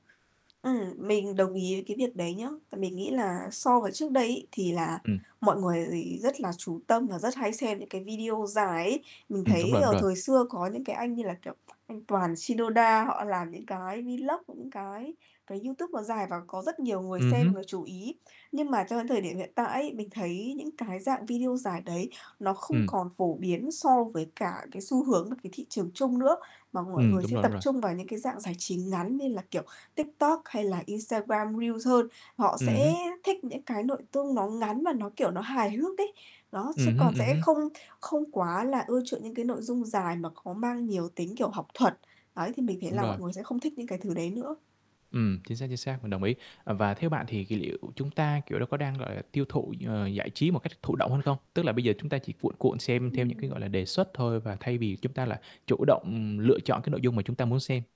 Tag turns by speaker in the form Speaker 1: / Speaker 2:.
Speaker 1: Ừm, mình đồng ý với cái việc đấy nhá, mình nghĩ là so với trước đây ấy, thì là
Speaker 2: Ừm.
Speaker 1: mọi người gì rất là chú tâm và rất hay xem những cái video dài ấy. Mình
Speaker 2: Ừm, đúng rồi,
Speaker 1: thấy,
Speaker 2: đúng
Speaker 1: ờ,
Speaker 2: rồi.
Speaker 1: thời xưa có những cái anh như là, kiểu, anh Toàn Shinoda, họ làm những cái vlog, những cái cái YouTube nó dài và có rất nhiều người
Speaker 2: Ừm
Speaker 1: xem và
Speaker 2: hứm.
Speaker 1: chú ý. Nhưng mà cho đến thời điểm hiện tại ấy, mình thấy những cái dạng video dài đấy nó không
Speaker 2: Ừm.
Speaker 1: còn phổ biến so với cả cái xu hướng và cái thị trường chung nữa, mà mọi
Speaker 2: Ừm,
Speaker 1: người
Speaker 2: đúng
Speaker 1: sẽ
Speaker 2: rồi, đúng
Speaker 1: tập
Speaker 2: rồi.
Speaker 1: trung vào những cái dạng giải trí ngắn như là, kiểu, TikTok hay là Instagram Reels hơn. Họ
Speaker 2: Ừm
Speaker 1: sẽ
Speaker 2: hứm.
Speaker 1: thích những cái nội tung nó ngắn và nó, kiểu, nó hài hước đấy. Đó, chứ
Speaker 2: Ừm hứm,
Speaker 1: còn
Speaker 2: ừm
Speaker 1: sẽ
Speaker 2: hứm.
Speaker 1: không không quá là ưa chuộng những cái nội dung dài mà có mang nhiều tính, kiểu, học thuật. Đấy, thì mình thấy
Speaker 2: Đúng
Speaker 1: là
Speaker 2: rồi.
Speaker 1: mọi người sẽ không thích những cái thứ đấy nữa.
Speaker 2: Ừm, chính xác, chính xác, mình đồng ý. Và theo bạn thì kỳ liệu chúng ta, kiểu, đó có đang, gọi là, tiêu thụ, ờ, giải trí một cách thụ động hơn không? Tức là bây giờ chúng ta chỉ cuộn cuộn xem theo những cái, gọi
Speaker 1: Ừm.
Speaker 2: là, đề xuất thôi và thay vì chúng ta là chủ động, ừm, lựa chọn cái nội dung mà chúng ta muốn xem?